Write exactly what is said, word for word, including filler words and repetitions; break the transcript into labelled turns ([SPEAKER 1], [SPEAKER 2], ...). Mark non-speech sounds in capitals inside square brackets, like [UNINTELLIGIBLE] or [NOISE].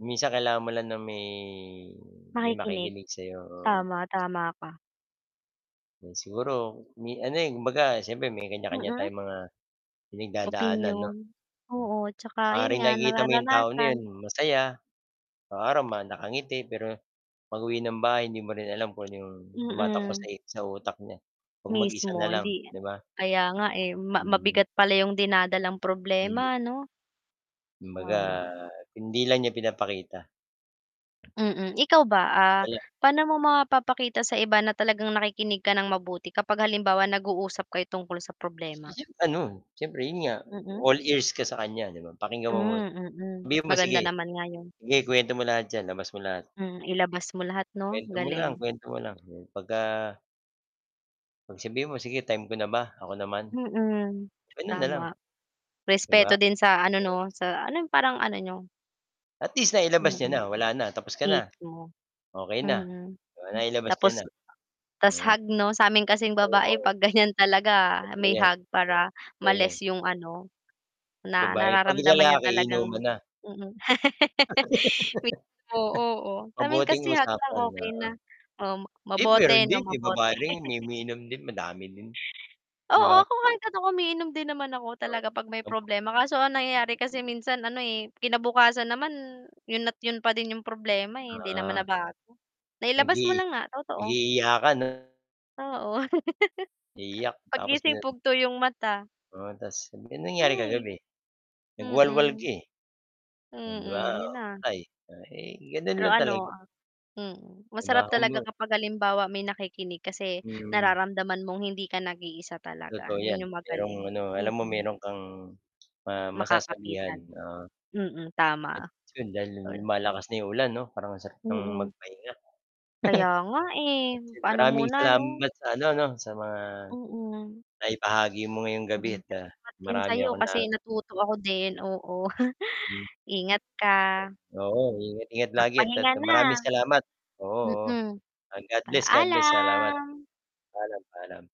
[SPEAKER 1] Minsan kailangan mo lang na may may
[SPEAKER 2] Makikinig.
[SPEAKER 1] makikinig sa 'yo, oo.
[SPEAKER 2] Tama, tama ka.
[SPEAKER 1] Siguro, may ano, eh, kumbaga siyempre may kan'ya-kan'ya
[SPEAKER 2] Mm.
[SPEAKER 1] tayong mga pinagdadaanan 'no?
[SPEAKER 2] Opinyon, oo tsaka, yun
[SPEAKER 1] Maaaring
[SPEAKER 2] nga
[SPEAKER 1] nakikita mo 'yong tao na 'yon,
[SPEAKER 2] nararanasan.
[SPEAKER 1] masaya, isang araw nakangiti, pero pag-uwi ng bahay hindi mo rin alam kung 'yong tumatakbo sa
[SPEAKER 2] Mm.
[SPEAKER 1] i sa utak niya 'pag mag-isa
[SPEAKER 2] Mismo,
[SPEAKER 1] na lang
[SPEAKER 2] hindi
[SPEAKER 1] 'di ba?
[SPEAKER 2] kaya nga, eh, ma
[SPEAKER 1] Hmm.
[SPEAKER 2] mabigat pala yung dinadalang
[SPEAKER 1] Mhm.
[SPEAKER 2] problema 'no?
[SPEAKER 1] Kumbaga,
[SPEAKER 2] Tama.
[SPEAKER 1] hindi lang niya pinapakita.
[SPEAKER 2] Mm, ikaw ba? Ah,
[SPEAKER 1] Hala.
[SPEAKER 2] pa'no mo mapapakita sa iba na talagang nakikinig ka ng mabuti, kapag halimbawa nag-uusap kayo tungkol sa problema?
[SPEAKER 1] [UNINTELLIGIBLE] ano, siyempre 'yon nga,
[SPEAKER 2] Mm.
[SPEAKER 1] all ears ka sa kan'ya, 'di ba, pakinggan mo muna,
[SPEAKER 2] Hmm, mm.
[SPEAKER 1] sabihin mo, "Sige,
[SPEAKER 2] Maganda naman nga 'yun.
[SPEAKER 1] sige, k'wento mo lahat diyan labas mo lahat."
[SPEAKER 2] Hmm, ilabas mo lahat 'no?
[SPEAKER 1] Kwento mo lang,
[SPEAKER 2] Galing.
[SPEAKER 1] kwento mo lang 'pag-ka pagsabihan mo, sige. Time ko na ba? Ako naman?
[SPEAKER 2] Mm,
[SPEAKER 1] Gano'n na lang.
[SPEAKER 2] tama,
[SPEAKER 1] 'Di ba?
[SPEAKER 2] respeto din sa, ano 'no sa alam yung parang ano niyo.
[SPEAKER 1] At least, nailabas niya
[SPEAKER 2] Mm,
[SPEAKER 1] na. Wala na. Tapos ka na.
[SPEAKER 2] mismo,
[SPEAKER 1] Okey na,
[SPEAKER 2] mm.
[SPEAKER 1] nailabas
[SPEAKER 2] Tapos
[SPEAKER 1] niya na.
[SPEAKER 2] tas'
[SPEAKER 1] Ah,
[SPEAKER 2] hug 'no, sa 'min kasing babae
[SPEAKER 1] oo.
[SPEAKER 2] pag ganyan talaga
[SPEAKER 1] Totoo
[SPEAKER 2] may
[SPEAKER 1] 'yan,
[SPEAKER 2] hug, para
[SPEAKER 1] totoo 'yan.
[SPEAKER 2] ma-less yung ano, na
[SPEAKER 1] Babae. 'Pag
[SPEAKER 2] nararamdaman niya
[SPEAKER 1] lalaki, inuman
[SPEAKER 2] talagang
[SPEAKER 1] na.
[SPEAKER 2] Mm. [LAUGHS] Oo,
[SPEAKER 1] [LAUGHS]
[SPEAKER 2] oh, samin
[SPEAKER 1] Mabuting
[SPEAKER 2] kasi hug lang
[SPEAKER 1] usapan,
[SPEAKER 2] okay
[SPEAKER 1] oo,
[SPEAKER 2] na, oh mabote 'no
[SPEAKER 1] [UNINTELLIGIBLE] babae
[SPEAKER 2] mabote.
[SPEAKER 1] rin umiinom din, madami din. 'Di
[SPEAKER 2] Oo,
[SPEAKER 1] ba?
[SPEAKER 2] kahit ako umiinom din naman ako talaga pag may
[SPEAKER 1] Oo.
[SPEAKER 2] problema, kaso ang nangyayari kasi minsan ano, eh, kinabukasan naman yun at 'yun pa din 'yung problema, eh, hindi naman
[SPEAKER 1] Ah.
[SPEAKER 2] nabago, nailabas
[SPEAKER 1] Mag-i
[SPEAKER 2] mo lang nga totoo.
[SPEAKER 1] mag-i-iyakan 'no?
[SPEAKER 2] Oo. [LAUGHS]
[SPEAKER 1] Iiyak tapos
[SPEAKER 2] 'Pag-gising
[SPEAKER 1] dina
[SPEAKER 2] mugto 'yung mata.
[SPEAKER 1] oo ta's, ano bang nangyari
[SPEAKER 2] Hay,
[SPEAKER 1] kagabi, nagwalwal ka,
[SPEAKER 2] mm.
[SPEAKER 1] eh. 'Di ba?
[SPEAKER 2] Mm, 'yun na.
[SPEAKER 1] ay ay ganun
[SPEAKER 2] Pero
[SPEAKER 1] lang
[SPEAKER 2] ano,
[SPEAKER 1] talaga.
[SPEAKER 2] uhm. Mm. Masarap talaga
[SPEAKER 1] [UNINTELLIGIBLE]
[SPEAKER 2] kapag halimbawa may nakikinig, kasi
[SPEAKER 1] Mhm.
[SPEAKER 2] nararamdaman mong hindi ka nag-iisa talaga,
[SPEAKER 1] Totoo 'yan,
[SPEAKER 2] 'yun 'yung
[SPEAKER 1] merong
[SPEAKER 2] magaling.
[SPEAKER 1] ano, alam mo
[SPEAKER 2] Mm.
[SPEAKER 1] meron kang ma masasabihan,
[SPEAKER 2] Makakapitan.
[SPEAKER 1] oo.
[SPEAKER 2] Mm, tama.
[SPEAKER 1] At 'yun, dahil
[SPEAKER 2] [UNINTELLIGIBLE]
[SPEAKER 1] lumalakas na yung ulan 'no parang ang sarap ng
[SPEAKER 2] Mm.
[SPEAKER 1] magpahinga.
[SPEAKER 2] Kaya nga, eh,
[SPEAKER 1] [LAUGHS]
[SPEAKER 2] paano
[SPEAKER 1] Maraming
[SPEAKER 2] muna ano?
[SPEAKER 1] salamat sa ano 'no, sa mga
[SPEAKER 2] Mm.
[SPEAKER 1] naibahagi mo ngayong gabi at
[SPEAKER 2] [UNINTELLIGIBLE] salamat din
[SPEAKER 1] marami
[SPEAKER 2] sayo,
[SPEAKER 1] akong na
[SPEAKER 2] kasi natuto ako din. Oo,
[SPEAKER 1] Hmm.
[SPEAKER 2] [CHUCKLES] ingat ka.
[SPEAKER 1] Oo, ingat ingat lagi at ah
[SPEAKER 2] Magpahinga na.
[SPEAKER 1] maraming salamat, oo, oo,
[SPEAKER 2] Mm.
[SPEAKER 1] God bless, God bless. Salamat.
[SPEAKER 2] Paalam.
[SPEAKER 1] Paalam, paalam.